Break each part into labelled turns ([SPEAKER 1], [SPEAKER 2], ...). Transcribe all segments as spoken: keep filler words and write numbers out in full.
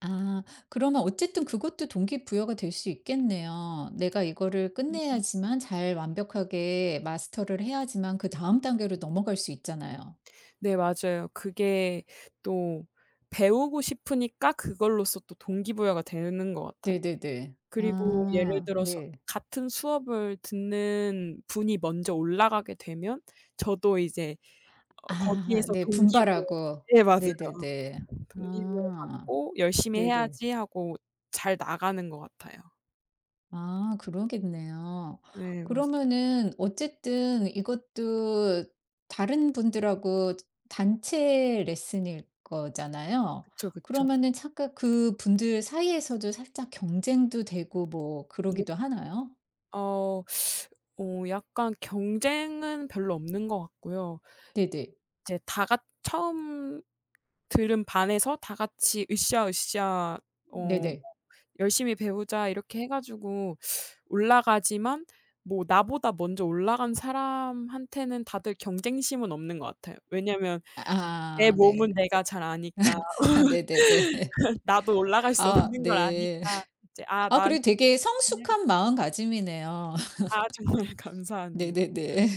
[SPEAKER 1] 아 그러면 어쨌든 그것도 동기부여가 될 수 있겠네요. 내가 이거를
[SPEAKER 2] 음 음.
[SPEAKER 1] 끝내야지만 잘 완벽하게 마스터를 해야지만 그다음 단계로 넘어갈 수 있잖아요.
[SPEAKER 2] 네 맞아요. 그게 또 배우고 싶으니까 그걸로써 또 동기 부여가 되는 것 같아요.
[SPEAKER 1] 네네네.
[SPEAKER 2] 그리고 예를
[SPEAKER 1] 아
[SPEAKER 2] 들어서
[SPEAKER 1] 네.
[SPEAKER 2] 같은 수업을 듣는 분이 먼저 올라가게 되면 저도 이제 어
[SPEAKER 1] 아
[SPEAKER 2] 거기에서
[SPEAKER 1] 네.
[SPEAKER 2] 동기 부여
[SPEAKER 1] 분발하고.
[SPEAKER 2] 네 맞아요.
[SPEAKER 1] 네네네.
[SPEAKER 2] 동기 부여
[SPEAKER 1] 아.
[SPEAKER 2] 받고 '열심히
[SPEAKER 1] 네네.
[SPEAKER 2] 해야지.' 하고 잘 나가는 것 같아요.
[SPEAKER 1] 아 그러겠네요.
[SPEAKER 2] 네. 맞스
[SPEAKER 1] 그러면은 어쨌든 이것도 다른 분들하고 단체 레슨일 거잖아요.
[SPEAKER 2] 그쵸, 그쵸.
[SPEAKER 1] 그러면은 잠깐 그분들 사이에서도 살짝 경쟁도 되고 뭐
[SPEAKER 2] 네.
[SPEAKER 1] 그러기도 하나요?
[SPEAKER 2] 어. 어 약간 경쟁은 별로 없는 것 같고요.
[SPEAKER 1] 네네.
[SPEAKER 2] 이제 다 같 처음 들은 반에서 다 같이 으쌰으쌰 어 뭐
[SPEAKER 1] 네네.
[SPEAKER 2] 열심히 배우자 이렇게 해 가지고 올라가지만 뭐 나보다 먼저 올라간 사람한테는 다들 경쟁심은 없는 것 같아요. 왜냐면 내
[SPEAKER 1] 아 네.
[SPEAKER 2] 몸은 내가 잘 아니까
[SPEAKER 1] 네네네.
[SPEAKER 2] 나도 올라갈 수
[SPEAKER 1] 아
[SPEAKER 2] 없는 걸
[SPEAKER 1] 네.
[SPEAKER 2] 아니까 이제 '아
[SPEAKER 1] 아
[SPEAKER 2] 나는
[SPEAKER 1] 그래도
[SPEAKER 2] 더
[SPEAKER 1] 되게
[SPEAKER 2] 열심히 해야겠'
[SPEAKER 1] 성숙한 마음가짐이네요.
[SPEAKER 2] 아 정말 감사합니
[SPEAKER 1] 네네네.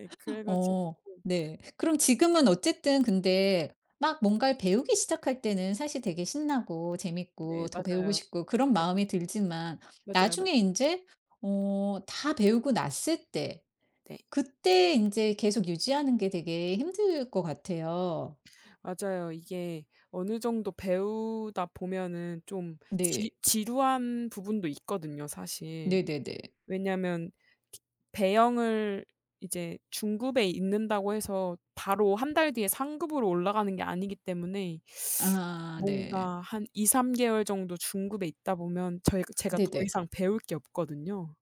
[SPEAKER 2] 예 그래 가지고
[SPEAKER 1] 어 네. 그럼 지금은 어쨌든 근데 막 뭔가를 배우기 시작할 때는 사실 되게 신나고 재밌고
[SPEAKER 2] 네
[SPEAKER 1] 더 배우고
[SPEAKER 2] 맞아요.
[SPEAKER 1] 싶고 그런
[SPEAKER 2] 네
[SPEAKER 1] 마음이 들지만
[SPEAKER 2] 맞아요. 맞아요. 맞
[SPEAKER 1] 나중에 인제 어 다 배우고 났을 때
[SPEAKER 2] 네.
[SPEAKER 1] 그때 인제 계속 유지하는 게 되게 힘들 것 같아요.
[SPEAKER 2] 맞아요. 이게 어느 정도 배우다 보면 좀 지
[SPEAKER 1] 네.
[SPEAKER 2] 지루한 부분도 있거든요, 사실.
[SPEAKER 1] 네네네.
[SPEAKER 2] 왜냐면 배영을 이제 중급에 있는다고 해서 바로 한 달 뒤에 상급으로 올라가는 게 아니기 때문에
[SPEAKER 1] 아 네.
[SPEAKER 2] 뭔가 한 이삼 개월 정도 중급에 있다 보면 저희가 제가 더
[SPEAKER 1] 네네.
[SPEAKER 2] 이상 배울 게 없거든요.